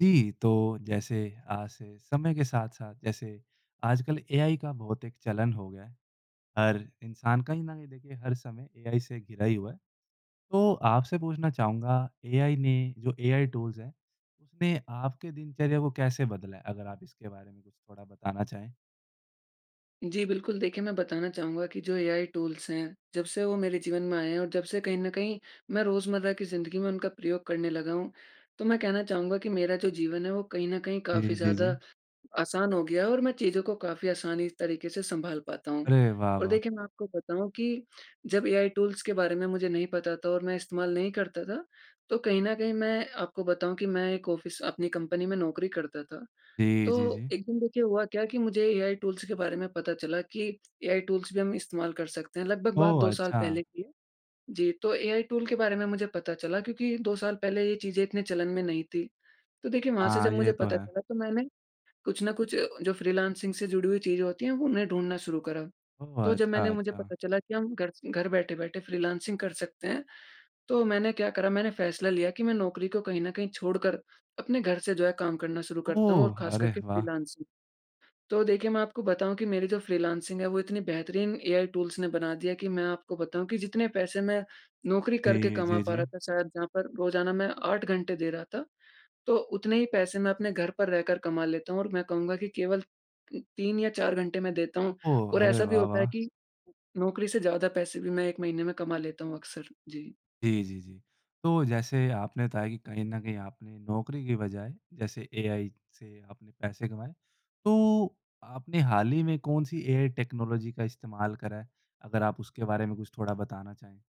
जी तो, जैसे आज से समय के साथ-साथ, जैसे आजकल एआई का बहुत एक चलन हो गया है। हर इंसान कहीं न कहीं देखिए हर समय एआई से घिरा ही हुआ। तो आपसे पूछना चाहूँगा, एआई ने जो एआई टूल्स हैं, उसने आपके दिनचर्या को कैसे बदला है, अगर आप इसके बारे में कुछ थोड़ा बताना चाहें? जी बिल्कुल देखिए मैं बताना चाहूँगा कि जो एआई टूल्स हैं, जब से वो मेरे जीवन में आए हैं और जब से कहीं न कहीं, मैं रोज़मर्रा की ज़िंदगी में उनका प्रयोग करने लगा हूँ। तो मैं कहना चाहूँगा कि मेरा जो जीवन है वो कहीं न कहीं जी, काफ़ी जी, जी, ज़्यादा, जी। आसान हो गया और मैं चीज़ों को काफ़ी आसानी तरीके से संभाल पाता हूँ। अरे, वाह और वाह! देखिए मैं आपको बताऊँ कि जब एआई टूल्स के बारे में मुझे नहीं पता था और मैं इस्तेमाल नहीं करता था, तो कहीं न कहीं मैं आपको बताँऊ कि मैं एक ऑफिस अपनी कंपनी में नौकरी करता था। जी, जी, तो जी। एक दिन, देखिए हुआ क्या कि मुझे एआई टूल के बारे में पता चला कि एआई टूल्स भी हम इस्तेमाल कर सकते हैं। लगभग बात 2 ओह! साल अच्छा। पहले की है। जी, तो एआई टूल्स के बारे में मुझे पता चला क्योंकि 2 साल पहले ये चीज़ें इतने चलन में नहीं थी। तो देखिए वहाँ से जब हाँ, मुझे ये तो पता है। चला, तो मैंने कुछ ना कुछ जो फ्रीलांसिंग से जुड़ी हुई चीज़ होती हैं, वो उन्हें ढूँढना शुरू करा। ओह! तो जब अच्छा मैंने मुझे अच्छा। पता चला कि हम घर से, घर बैठे-बैठे फ्रीलांसिंग कर सकते हैं। तो मैंने क्या करा मैंने फ़ैसला लिया कि मैं नौकरी को कहीं न कहीं छोड़कर, अपने घर से जो है काम करना शुरू करता हूँ और ओह! ख़ासकर अरे के वाह! फ्रीलांसिंग। तो देखिए मैं आपको बताऊँ, कि मेरी जो फ्रीलांसिंग है, वो इतने बेहतरीन एआई टूल्स ने बना दी है कि मैं आपको बताऊँ कि जितने पैसे मैं नौकरी करके जी, कमा जी, पा रहा जी। था, शायद जहाँ पर रोज़ाना मैं 8 घंटे दे रहा था। तो उतने ही पैसे मैं अपने घर पर रहकर कमा लेता हूँ और मैं कहूँगा कि केवल 3 या 4 घंटे में देता हूँ ओह, और अरे ऐसा भी वाह होता है वाह! कि नौकरी से ज़्यादा पैसे भी मैं 1 महीने में कमा लेता हूँ अक्सर। जी। जी, जी, जी, तो जैसे आपने बताया कि कहीं न कहीं आपने नौकरी की बजाय, जैसे एआई से आपने पैसे कमाए, तो आपने हाल ही में कौन सी एआई टेक्नोलॉजी का इस्तेमाल करा है, अगर आप उसके बारे में कुछ थोड़ा बताना चाहें?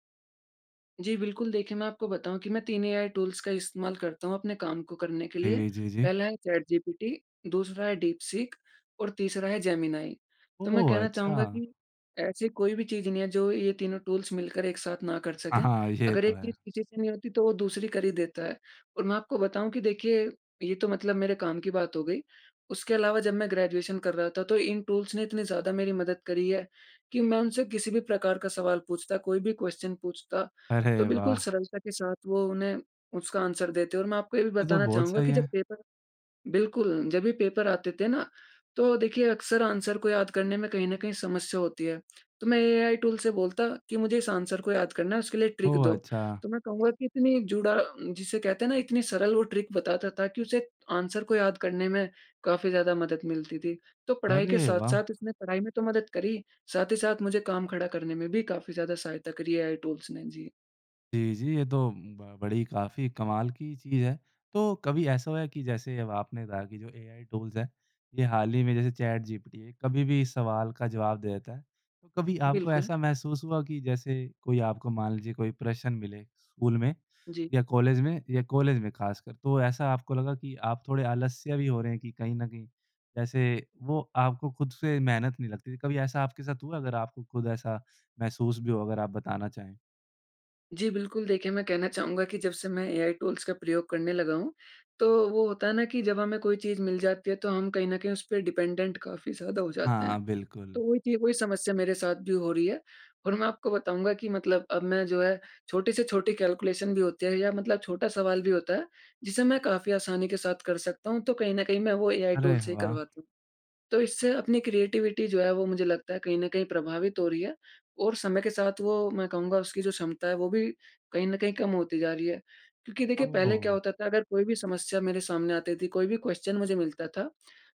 जी बिल्कुल देखिए मैं आपको बताऊँ कि मैं 3 एआई टूल्स का इस्तेमाल करता हूँ अपने काम को करने के लिए, जी, जी, जी। पहला है चैट जीपीटी दूसरा है दीप सिख और तीसरा है जेमिनी। तो मैं ओह! कहना चाहूँगा अच्छा। कि ऐसी कोई भी चीज़ नहीं है, जो ये तीनों टूल्स मिलकर एक साथ ना कर हाँ सकें, हाँ, ये अगर तो एक है। चीज़ किसी से नहीं होती तो वो दूसरी कर ही देता है। और मैं आपको बताऊँ कि देखिए, ये तो मतलब मेरे काम की बात हो गई उसके अलावा जब मैं ग्रेजुएशन कर रहा था। तो इन टूल्स ने इतनी ज़्यादा मेरी मदद करी है कि मैं उनसे किसी भी प्रकार का सवाल पूछता कोई भी क्वेश्चन पूछता, अरे तो बिल्कुल वाह! सरलता के साथ वो उन्हें, उसका आंसर देते हैं। और मैं आपको ये भी ये तो बताना बहुत चाहूँगा सही कि जब है। पेपर बिल्कुल जब भी पेपर आते थे ना, तो देखिए अक्सर आंसर को याद करने में कहीं न कहीं समस्या होती है। तो मैं एआई टूल्स से बोलता कि मुझे इस आंसर को याद करना है, उसके लिए ट्रिक ओह! दो, अच्छा। तो मैं कहूँगा कि इतनी जुड़ा जिसे कहते हैं इतनी सरल वो ट्रिक बताता था कि उसे आंसर को याद करने में काफ़ी ज़्यादा मदद मिलती थी। तो पढ़ाई के अरे वाह! साथ-साथ इसमें पढ़ाई में तो मदद करी, साथ ही साथ मुझे काम खड़ा करने में भी काफ़ी ज़्यादा सहायता करी एआई टूल्स ने। जी। जी जी, ये तो ब बड़ी काफ़ी कमाल की चीज़ है। तो कभी ऐसा हुआ है कि, जैसे अब आपने कहा कि जो एआई टूल्स हैं, ये हाल ही में जैसे चैट जीपीटी है। कभी भी सवाल का जवाब दे देता है। कभी आपको बिल्कुल। ऐसा महसूस हुआ कि, जैसे कोई आपको मान लीजिए कोई प्रश्न मिले, स्कूल में जी। या कॉलेज में या कॉलेज में ख़ासकर। तो ऐसा आपको लगा कि, आप थोड़े आलस्य भी हो रहे हैं, कि कहीं ना कहीं ऐसे वो आपको खुद से मेहनत नहीं लगती थी। कभी ऐसा आपके साथ हुआ, अगर आपको खुद ऐसा महसूस भी हो, अगर आप बताना चाहें? जी बिल्कुल, देखिए मैं कहना चाहूँगा कि जबसे मैं एआई टूल्स का प्रयोग करने लगा हूँ। तो वो होता हैं ना कि जब हमें कोई चीज़ मिल जाती है, तो हम कहीं न कहीं उस पे डिपेंडेंट काफ़ी ज़्यादा हो जाते हैं। हाँ, बिल्कुल। तो वो चीज़, वो ही समस्या मेरे साथ भी हो रही है। और मैं आपको बताऊँगा कि मतलब अब मैं जो है, छोटी से छोटी कैलकुलेशन भी होते हैं या मतलब छोटा सवाल भी होता है, जिसे मैं काफ़ी आसानी के साथ कर सकता हूँ। तो कहीं न कहीं, मैं वो एआई अरे टूल्स से ही वाह! करवाता हूँ। तो इससे अपनी क्रिएटिविटी जो है वो मुझे लगता है कहीं न कहीं प्रभावित हो रही है और समय के साथ वो, मैं कहूँगा उसकी जो क्षमता है, वो भी कहीं न कहीं कम होती जा रही है। क्योंकि देखिए पहले क्या ओह! होता था, अगर कोई भी समस्या मेरे सामने आती थी कोई भी क्वेश्चन मुझे मिलता था।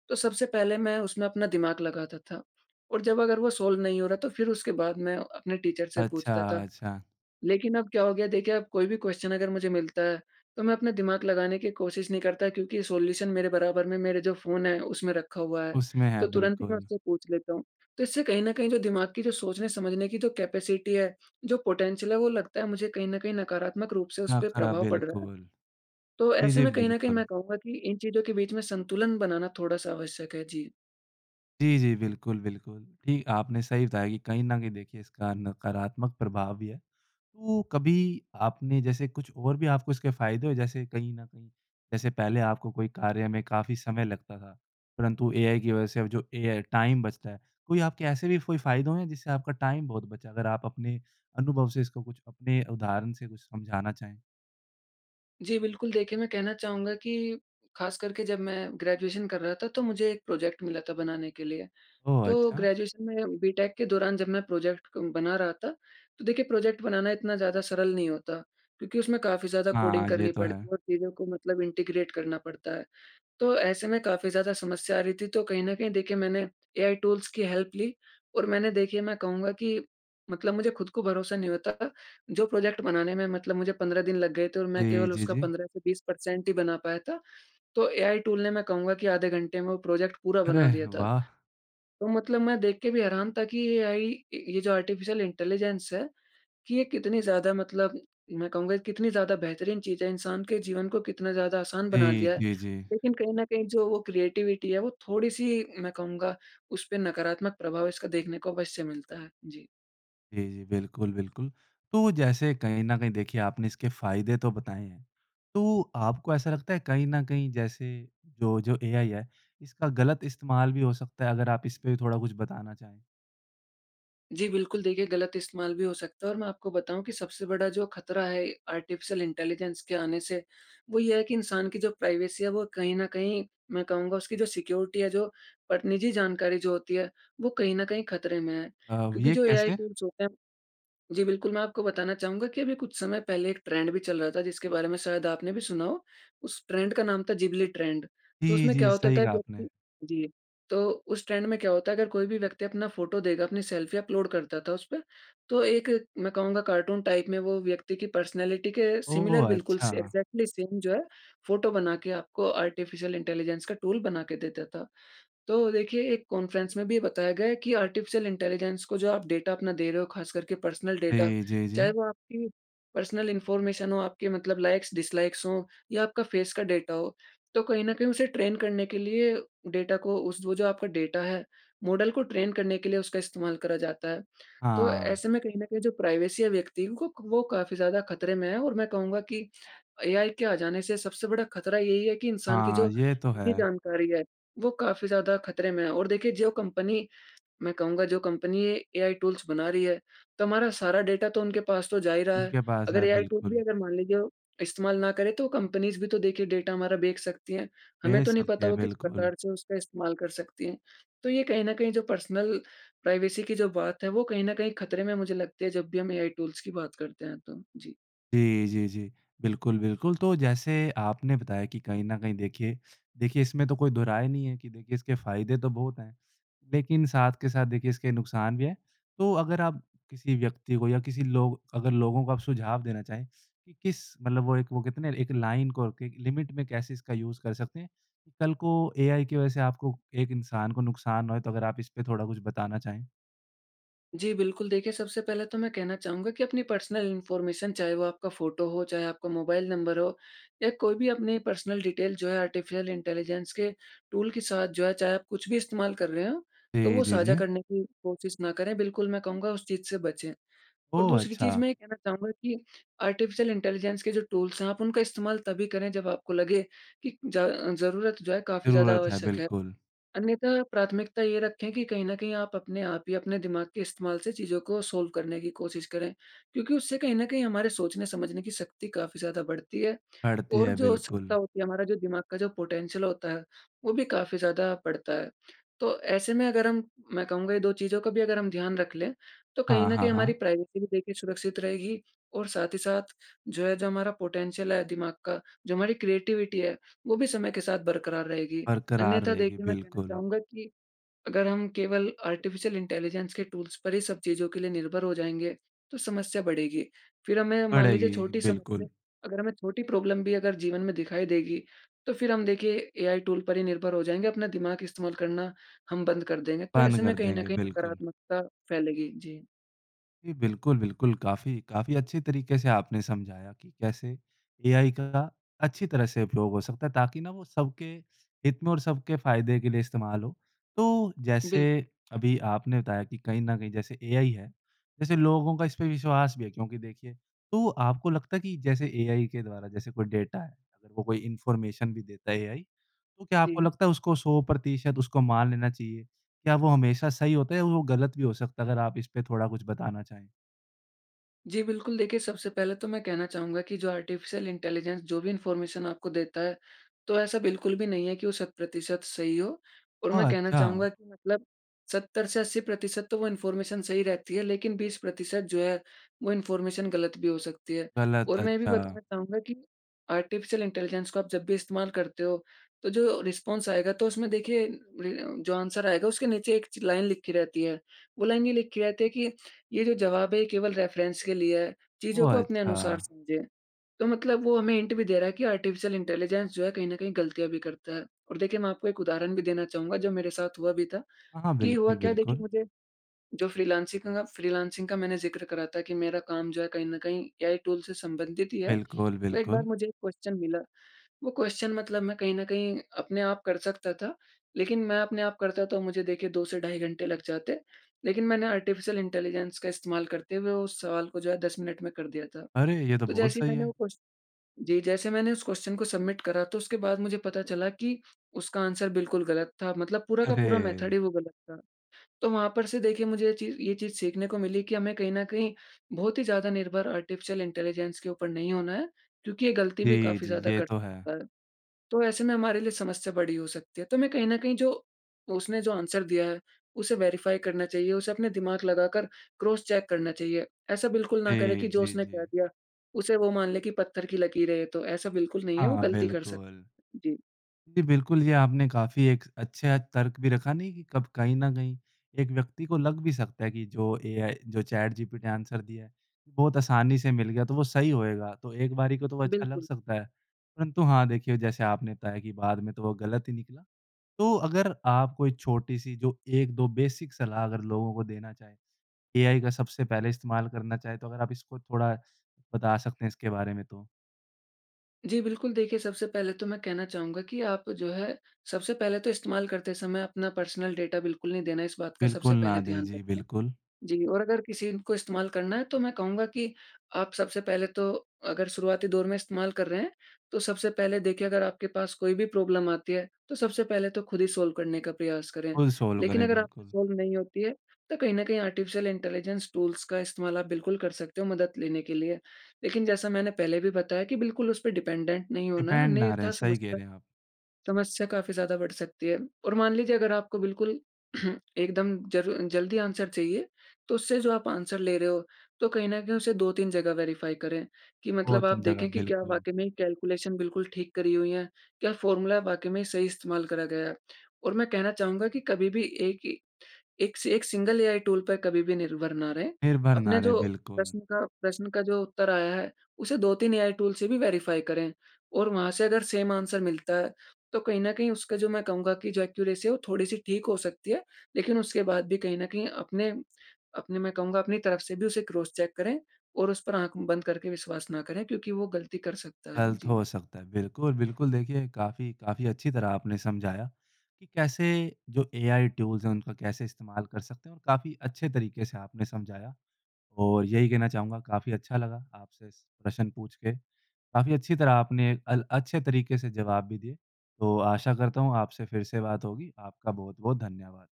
तो सबसे पहले मैं उसमें अपना दिमाग लगाता था और जब अगर वो सॉल्व नहीं हो रहा, तो फ़िर उसके बाद मैं अपने टीचर से अच्छा, पूछता था। अच्छा। लेकिन अब क्या हो गया, देखिए आप कोई भी क्वेश्चन अगर मुझे मिलता है। तो मैं अपने दिमाग लगाने की कोशिश नहीं करता, क्योंकि सॉल्यूशन मेरे बराबर में, मेरे जो फ़ोन है उसमें रखा हुआ है, उसमें है, तो तुरंत ही उस बिल्कुल। से मैं पूछ लेता हूँ। तो इससे कहीं न कहीं जो दिमाग की सोचने समझने की जो कैपेसिटी है जो पोटेंशियल वो लगता है मुझे कहीं न कहीं नकारात्मक रूप से उस क्या पे खरा प्रभाव पड़ रहा है। बिल्कुल। तो जी ऐसे जी, में कहीं न कहीं बिल्कुल। मैं कहूँगा कि इन चीज़ों के बीच में संतुलन बनाना थोड़ा सा आवश्यक है। जी। जी जी, बिल्कुल, बिल्कुल। ठीक आपने सही बताया कि कहीं न कि देखिए इसका नकारात्मक प्रभाव भी है। तो कभी, आपने जैसे कुछ और भी आपको इसके फ़ायदे हो, जैसे कहीं न कहीं, जैसे पहले आपको कोई कार्य में काफ़ी समय लगता था, परंतु एआई की वजह से अब जो एआई टाइम बचता है। कोई आपके ऐसे भी कोई फ़ायदे हुए जिससे आपका टाइम बहुत बचा अगर आप अपने अनुभव से इसको कुछ अपने उदाहरण से कुछ समझाना चाहें? जी बिल्कुल देखिए मैं कहना चाहूँगा कि ख़ासकर के जब मैं ग्रेजुएशन कर रहा था, तो मुझे एक प्रोजेक्ट मिला था बनाने के लिए। ओह! तो अच्छा। ग्रेजुएशन में, बीटेक के दौरान जब मैं प्रोजेक्ट कं बना रहा था, तो देखिए प्रोजेक्ट बनाना इतना ज़्यादा सरल नहीं होता। क्योंकि उसमें काफ़ी ज़्यादा कोडिंग हाँ, ये करनी तो पड़ती है है। और चीज़ों को मतलब इंटीग्रेट करना पड़ता है। तो, ऐसे में काफ़ी ज़्यादा समस्या आ रही थी, तो कहीं न कहीं देखिए, मैंने एआई टूल्स की हेल्प ली और मैंने देखिए मैं कहूँगा कि मतलब मुझे खुद को भरोसा नहीं होता, जो प्रोजेक्ट बनाने में मतलब मुझे 15 दिन लग गए थे और मैं जी, केवल जी, उसका जी। 15 से 20 परसेंट ही बना पाया था। तो एआई टूल्स ने मैं कहूँगा कि आधे घंटे में वो प्रोजेक्ट पूरा अरे बना दिया था। वाह! तो मतलब मैं देख के भी हैरान था कि एआई, ये जो आर्टिफिशियल इंटेलिजेंस है, कि ये कितनी ज़्यादा मतलब मैं कहूँगा, कितनी ज़्यादा बेहतरीन चीज़ है। इंसान के जीवन को कितना ज़्यादा आसान बना जी, दिया है। जी, जी। लेकिन कहीं न कहीं जो वो क्रिएटिविटी है, वो थोड़ी सी मैं कहूँगा उस पे नकारात्मक प्रभाव इसका देखने को अवश्य मिलता है। जी। जी जी, बिल्कुल बिल्कुल। तो जैसे कहीं न कहीं देखिए आपने इसके फ़ायदे तो बताएँ हैं। तो आपको ऐसा लगता है, कहीं न कहीं जैसे जो जो, एआई है, इसका गलत इस्तेमाल भी हो सकता है अगर आप इस पे थोड़ा कुछ बताना चाहें? जी बिल्कुल देखिए गलत इस्तेमाल भी हो सकता है और मैं आपको बताऊँ कि सबसे बड़ा जो खतरा है, आर्टिफिशियल इंटेलिजेंस के आने से। वो ये है, कि इंसान की जो प्राइवेसी है वो कहीं न कहीं मैं कहूँगा उसकी जो सिक्योरिटी है जो, पर निज़ी जानकारी जो होती है, वो कहीं न कहीं खतरे में है अ, व क्योंकि ये जो एआई कैसे? टूल्स होते हैं। जी बिल्कुल मैं आपको बताना चाहूँगा कि अभी कुछ समय पहले एक ट्रेंड भी चल रहा था जिसके बारे में शायद आपने भी सुना हो, उस ट्रेंड का नाम था जिब्ली ट्रेंड। तो जी उसमें जी, क्या होता सही था कहा आपने। व्यक्ति जी, तो उस ट्रेंड में क्या होता है अगर कोई भी व्यक्ति अपना फ़ोटो देगा अपनी सेल्फ़ी अपलोड करता था उस पे। तो एक मैं कहूँगा कार्टून टाइप में वो व्यक्ति की पर्सनैलिटी के सिमिलर ओह! बिल्कुल से अच्छा। एग्ज़ैक्टली सेम जो है फ़ोटो बना के आपको आर्टिफिशियल इंटेलिजेंस का टूल बना के देता था। तो देखिए एक कॉन्फ्रेंस में भी बताया गया है कि आर्टिफिशियल इंटेलिजेंस को जो आप डाटा अपना दे रहे हो ख़ास करके पर्सनल डाटा। जी, जी, चाहे जी। वो आपकी पर्सनल इन्फॉर्मेशन हो आपके मतलब लाइक्स-डिसलाइक्स हों या आपका फेस का डाटा हो। तो कहीं न कहीं उसे ट्रेन करने के लिए डाटा को उस वो जो आपका डाटा है मॉडल को ट्रेन करने के लिए उसका इस्तेमाल करा जाता है। तो हाँ। ऐसे में कहीं न कहीं जो प्राइवेसी व्यक्तियों को, वो काफ़ी ज़्यादा खतरे में है, और मैं कहूँगा कि एआई के आ जाने से सबसे बड़ा खतरा यही है कि इंसान की जो हाँ, ये तो निजी है। जानकारी है। वो काफ़ी ज़्यादा खतरे में है और देखिए जो कंपनी, मैं कहूँगा जो कंपनी एआई टूल्स बना रही है। तो हमारा सारा डाटा तो उनके पास तो जा ही रहा है उनके पास अगर है, एआई टूल भी बिल्कुल। अगर मान लीजिए इस्तेमाल ना करें। तो कम्पनीज़ भी तो देखिए डाटा हमारा देख सकती हैं, हमें ये तो नहीं पता सत्य वो किस बिल्कुल। प्रकार से उसका इस्तेमाल कर सकती हैं। तो ये कहना कहीं जो पर्सनल प्राइवेसी की जो बात है, वो कहीं न कहीं खतरे में मुझे लगती है जब भी हम एआई टूल्स की बात करते हैं तो। जी। जी, जी, जी। बिल्कुल, बिल्कुल। तो जैसे आपने बताया कि कहीं न कहीं देखिए, देखिए, इसमें तो कोई दो राय नहीं है कि देखिए इसके फ़ायदे तो बहुत हैं। लेकिन साथ के साथ देखिए इसके नुकसान भी हैं। तो अगर आप किसी व्यक्ति को या किसी लोग अगर लोगों को सुझाव देना चाहें, कि किस मतलब वो एक वो कहते ना, एक लाइन को कि, एक लिमिट में कैसे इसका लिमिट कर सकते हैं। कल को एआई की वजह से आपको, एक इंसान को नुकसान ना होए, तो अगर आप इस पे थोड़ा कुछ बताना चाहें? जी बिल्कुल देखिए सबसे पहले तो मैं कहना चाहूँगा कि अपनी पर्सनल इन्फॉर्मेशन चाहे वो आपका फ़ोटो हो, चाहे आपका मोबाइल नंबर हो या कोई भी अपनी पर्सनल डिटेल जो है। आर्टिफिशियल इंटेलिजेंस के टूल के साथ जो है चाहे आप कुछ भी इस्तेमाल कर रहे हों, तो जी, वो जी, साझा जी। करने की कोशिश ना करें। बिल्कुल मैं कहूँगा उस चीज़ से बचें और ओह! दूसरी चीज़ अच्छा। मैं ये कहना चाहूँगा कि आर्टिफिशियल इंटेलिजेंस के जो टूल्स आप उनका इस्तेमाल तभी करें, जब आपको लगे कि ज ज़रूरत जो है काफ़ी ज़्यादा ज़रूरत है, आवश्यक है। बिल्कुल। अन्यथा प्राथमिकता ये रखें कि कहीं न कहीं आप अपने आप ही अपने दिमाग के इस्तेमाल से चीज़ों को सॉल्व करने की कोशिश करें। क्योंकि उससे कहीं न कहीं हमारे सोचने-समझने की शक्ति काफ़ी ज़्यादा बढ़ती है पड़ती और है, जो क्षमता बिल्कुल। होती है, हमारा जो दिमाग का जो पोटेंशियल होता है। वो भी काफ़ी ज़्यादा बढ़ता है। तो ऐसे में अगर हम मैं कहूँगा ये 2 चीज़ों को भी अगर हम ध्यान रख लें। तो कहीं हाँ, न हाँ, कहीं हमारी हाँ। प्राइवेसी भी देखिए सुरक्षित रहेगी और साथ ही साथ जो है, जो हमारा पोटेंशियल है दिमाग का, जो हमारी क्रिएटिविटी है। वो भी समय के साथ बरकरार रहेगी। बरकरार अन्यथा रहेगी देखिए मैं कहना बिल्कुल। चाहूँगा कि अगर हम केवल आर्टिफिशियल इंटेलिजेंस के टूल्स पर ही सब चीज़ों के लिए निर्भर हो जाएँगे। तो समस्या बढ़ेगी, फ़िर हमें मान लीजिए पड़ेगी, छोटी समस्या, बिल्कुल। अगर हमें छोटी प्रॉब्लम भी अगर जीवन में दिखाई देगी। तो फिर हम देखिए एआई टूल पर ही निर्भर हो जाएँगे, अपना दिमाग इस्तेमाल करना हम बंद कर देंगे, तो बंद ऐसे में कर कहीं न देंगे। कहीं बिल्कुल। नकारात्मकता फैलेगी। जी। जी बिल्कुल बिल्कुल, काफ़ी, काफ़ी अच्छे तरीके से आपने समझाया कि कैसे एआई का अच्छी तरह से उपयोग हो सकता है ताकि ना वो सबके हित में और सबके फ़ायदे के लिए इस्तेमाल हो। तो, जैसे बिल्कुल। अभी आपने बताया कि कहीं न कहीं जैसे एआई है, जैसे लोगों का इस पे विश्वास भी है। क्योंकि देखिए, तो आपको लगता है कि जैसे एआई के द्वारा जैसे कोई डाटा है, अगर कोई इन्फॉर्मेशन भी देता है एआई, तो क्या आपको जी। लगता है उसको 100 प्रतिशत उसको मान लेना चाहिए? क्या वो हमेशा सही होता है? या वो गलत भी हो सकता अगर आप इस पर थोड़ा कुछ बताना चाहें? जी बिल्कुल, देखिए सबसे पहले तो मैं कहना चाहूँगा कि जो आर्टिफिशियल इंटेलिजेंस जो भी इनफार्मेशन आपको देता है तो ऐसा बिल्कुल भी नहीं है कि वो सत प्रतिशत सही हो। और मैं ओह, कहना अच्छा! चाहूँगा कि मतलब 70 से 80% तो वो इनफार्मेशन सही रहती है लेकिन 20% जो है वो इनफार्मेशन गलत भी हो सकती है। गलत और मैं ये भी अच्छा। बताना चाहूँगा कि आर्टिफिशियल इंटेलिजेंस को आप जब भी इस्तेमाल करते हो तो जो रिस्पॉन्स आएगा तो उसमें देखिए अ, जो आंसर आएगा उसके नीचे एक च लाइन लिखी रहती है। वो लाइन ये लिखी रहती है कि ये जो ज़वाब है केवल रेफरेंस के लिए है चीज़ों ओह, को अपने अनुसार अच्छा! समझें। तो मतलब वो हमें हिंट भी दे रहा है कि आर्टिफिशियल इंटेलिजेंस जो है कहीं न कहीं गलतियाँ भी करता है। और देखिए मैं आपको एक उदाहरण भी देना चाहूँगा जो मेरे साथ हुआ भी था हाँ कि हुआ बिल्कुल, क्या देखिए बिल्कुल। मुझे जो फ्रीलांसिंग का काम फ्रीलांसिंग का मैंने ज़िक्र करा था कि मेरा काम जो है कहीं न कहीं ऐआई टूल से संबंधित ही है बिल्कुल, तो एक बार बिल्कुल। मुझे एक क्वेश्चन मिला, वो क्वेश्चन मतलब मैं कहीं न कहीं अपने आप कर सकता था लेकिन मैं अपने आप करता तो मुझे देखिए 2 से ढाई घंटे लग जाते लेकिन मैंने आर्टिफिशियल इंटेलिजेंस का इस्तेमाल करते हुए उस सवाल को जो है 10 मिनट में कर दिया था। अरे! ये तो तो बहुत जैसे ही सही मैंने वो है। क्वेश्चन जी, जैसे मैंने उस क्वेश्चन को सबमिट करा तो उसके बाद मुझे पता चला कि उसका आंसर बिल्कुल गलत था मतलब पूरा का पूरा मेथड अरे! ही वो गलत था। तो वहाँ पर से देखिए मुझे ये ची ये चीज़ सीखने को मिली कि हमें कहीं न कहीं बहुत ही ज़्यादा निर्भर आर्टिफिशियल इंटेलिजेंस के ऊपर नहीं होना है क्योंकि ये गलती भी जी, काफ़ी जी। ज़्यादा ये तो है। करता है तो ऐसे में हमारे लिए समस्या बड़ी हो सकती है। तो मैं कहीं न कहीं जो उसने जो आंसर दिया है उसे वेरीफाई करना चाहिए उसे अपने दिमाग लगाकर क्रॉस चेक करना चाहिए ऐसा बिल्कुल ना करें जी, कि जो जी, उसने कह जी। दिया उसे वो मान ले कि पत्थर की लकीर है ये तो, ऐसा बिल्कुल नहीं है वो हाँ गलती कर सकता। बिल्कुल। जी। जी बिल्कुल जी आपने काफ़ी एक अच्छा तर्क भी रखा नहीं कि कब कहीं न कहीं एक व्यक्ति को लग भी सकता है कि जो एआई जो चैटजीपीटी आंसर दिया है, बहुत आसानी से मिल गया तो वो सही होएगा तो एक बारी को तो अच्छा लग बिल्कुल। सकता है। परंतु हाँ देखिए जैसे आपने बताया कि बाद में तो वो गलत ही निकला तो अगर आप कोई छोटी-सी जो 1-2 बेसिक सलाह अगर लोगों को देना चाहे एआई का सबसे पहले इस्तेमाल करना चाहे, तो अगर आप इसको थोड़ा बता सकते हैं इसके बारे में तो? जी। बिल्कुल, देखिए सबसे पहले तो मैं कहना चाहूँगा कि आप जो है सबसे पहले तो इस्तेमाल करते समय अपना पर्सनल डाटा बिल्कुल नहीं देना इस बात का बिल्कुल सबसे ना पहले दें। ध्यान जी, रखें, बिल्कुल। जी। और अगर किसी को इस्तेमाल करना है तो मैं कहूँगा कि आप सबसे पहले तो अगर शुरुआती दौर में इस्तेमाल कर रहे हैं, तो सबसे पहले देखिए अगर आपके पास कोई भी प्रॉब्लम आती है तो सबसे पहले तो ख़ुद ही सॉल्व करने का प्रयास करें। फुल सॉल्व लेकिन करें, अगर आपसे बिल्कुल। सॉल्व नहीं होती है, तो कहीं न कहीं आर्टिफिशियल इंटेलिजेंस टूल्स का इस्तेमाल आप बिल्कुल कर सकते हैं मदद लेने के लिए। लेकिन जैसा मैंने पहले भी बताया कि बिल्कुल उस पे डिपेंडेंट नहीं होना है डिपेंड ना अन्यथा रहें, सही कह समस्या रहे हैं आप। समस्या काफ़ी ज़्यादा बढ़ सकती है। और मान लीजिए अगर आपको बिल्कुल एकदम ज़रू जल्दी आंसर चाहिए तो उससे जो आप आंसर ले रहे हो तो कहीं न कहीं उसे 2-3 जगह वेरीफ़ाई करें कि मतलब बहुत ही आप जगह, देखें कि क्या बिल्कुल। वाक़ई में कैलकुलेशन बिल्कुल ठीक करी हुई है क्या फ़ॉर्मूला वाक़ई में सही इस्तेमाल करा गया, और मैं कहना चाहूँगा कि कभी भी 1 ही 1 स सिंगल एआई टूल पर कभी भी निर्भर ना रहें निर्भर ना अपने रहें, जो बिल्कुल। प्रश्न का प्रश्न का जो उत्तर आया है उसे 2-3 या एआई टूल से भी वेरीफाई करें और वहाँ से अगर आंसर मिलता है तो कहीं न कहीं उसका जो मैं कहूँगा कि जो एक्यूरेसी वो थोड़ी-सी ठीक हो सकती है लेकिन उसके बाद भी कहीं न कहीं अपने अपने मैं कहूँगा अपनी तरफ से भी उसे क्रॉस चेक करें और उस पर आँख बंद करके विश्वास ना करें क्योंकि वो गलती कर सकता है। गलत जी। हो सकता है। बिल्कुल-बिल्कुल देखिए काफ़ी काफ़ी अच्छी तरह आपने समझाया कि कैसे जो एआई टूल्स हैं उनका कैसे इस्तेमाल कर सकते हैं और काफ़ी अच्छे तरीके से आपने समझाया और यही कहना चाहूँगा, काफ़ी अच्छा लगा आपसे प्रश्न पुछ के। काफ़ी अच्छी तरह आपने अल अच्छे तरीके से जवाब भी दिए। तो आशा करता हूँ आपसे फ़िर से बात होगी आपका बहुत-बहुत धन्यवाद।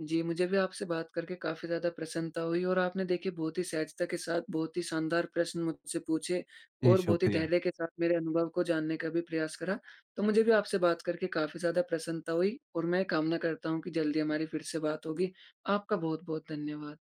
जी, मुझे भी आपसे बात करके काफ़ी ज़्यादा प्रसन्नता हुई और आपने देखिए बहुत ही सहजता के साथ बहुत ही शानदार प्रश्न मुझसे पूछे जी, और बहुत ही शुक्रिया। धैर्य के साथ मेरे अनुभव को जानने का भी प्रयास करा। तो मुझे भी आपसे बात करके काफ़ी ज़्यादा प्रसन्नता हुई, और मैं कामना करता हूँ कि जल्दी हमारी फ़िर से बात होगी आपका बहुत-बहुत धन्यवाद।